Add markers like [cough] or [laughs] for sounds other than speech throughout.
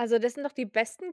Also, das sind doch die besten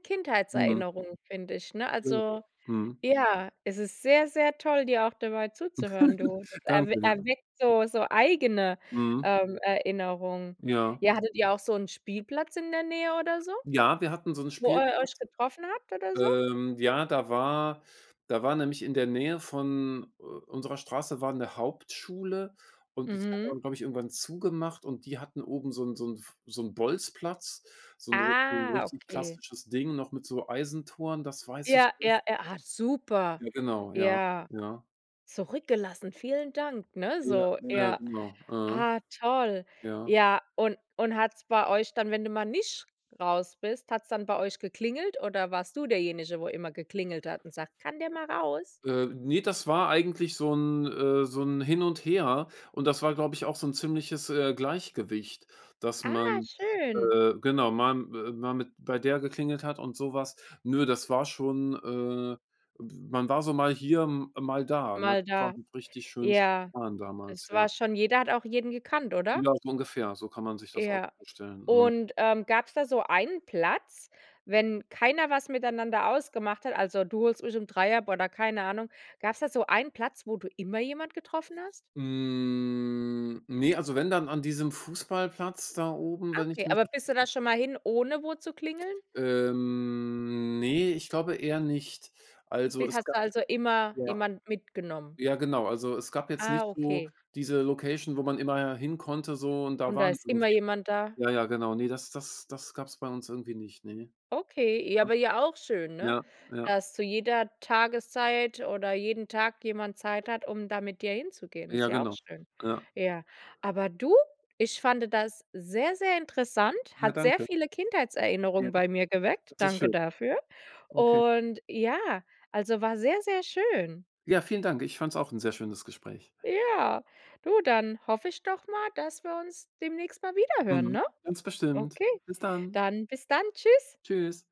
Mhm. Kindheitserinnerungen, finde ich, ne? [unintelligible] Also Mhm. ja. Es ist sehr, sehr toll, dir auch dabei zuzuhören, du. [laughs] Erw Danke. Erweckt so so eigene, Mhm. ähm, Erinnerungen. Ja. Ja, hattet ihr auch so 'n Spielplatz in der Nähe oder so, Ja, wir hatten so 'n wo ihr euch Spielplatz. getroffen habt oder so? Ähm, ja, da war da war nämlich in der Nähe von, äh, unserer Straße war 'ne Hauptschule und die hat Mhm. dann, glaube ich, irgendwann zugemacht und die hatten oben so 'n so 'n f so 'n Bolzplatz, so 'n so 'n Ah, richtig okay. klassisches Ding noch mit so Eisentoren, das weiß ich Ja, ja, noch. ja, ah, super. Ja, genau. Ja, Ja. ja. Zurückgelassen, vielen Dank, ne? Ja, So, ja, ja. genau. Äh. Ah toll, Ja. ja, und und hat's bei euch dann, wenn du mal nicht raus bist, hat's dann bei euch geklingelt oder warst du derjenige, wo immer geklingelt hat und sagt: „Kann der mal raus?“ Äh, ne, das war eigentlich so 'n, äh so 'n Hin und Her. Und das war, glaube ich, auch so 'n ziemliches, äh, Gleichgewicht, dass Ah, man, schön. äh genau, mal m äh, mal mit bei der geklingelt hat und so was. Nö, das war schon, äh, [unintelligible] man war so mal hier, m mal da, ne? Mal Das war da. noch richtig schön Ja, spontan damals, es ja. war schon jeder hat auch jeden gekannt, oder? Ja so ungefähr, so kann man sich das auch Ja, vorstellen, mhm. und, ähm, gab's da so einen Platz, wenn keiner was miteinander ausgemacht hat also, du holst mich um 3 ab, oder keine Ahnung. Gab's da so einen Platz, wo du immer jemand getroffen hast? Hm, ne, also, wenn, dann an diesem Fußballplatz da oben, wenn ich Okay, mich aber bist du richtig ents da schon mal hin, ohne wo zu klingeln? Ähm, ne, ich glaube eher nicht. Also, Bi es hast du gab also immer ja. jemand mitgenommen? Ja, genau. Also, es gab jetzt Ah, nicht so okay. diese Location, wo man immer hin konnte so und da Und da waren ist immer irgendwie jemand da? alle. Ja, ja, genau. Ne, das das das gab's bei uns irgendwie nicht, ne. Okay, ja, Ja. aber ja auch schön, ne, Ja, ja. dass zu jeder Tageszeit oder jeden Tag jemand Zeit hat, um da mit dir hinzugehen, ist Ja, ja auch genau. schön. Ja. Ja. Aber du, ich fand das sehr, sehr interessant, Ja hat sehr danke. viele Ja, Kindheitserinnerungen bei mir geweckt. das ist Danke schön. dafür. Okay. Und ja, also, war sehr, sehr schön. Ja, vielen Dank. Ich fand's auch 'n sehr schönes Gespräch. Ja. Du, dann hoffe ich doch mal, dass wir uns demnächst mal wieder hören, Mhm, ne? ganz bestimmt. Okay, Bis dann. dann bis dann, tschüss. Tschüss.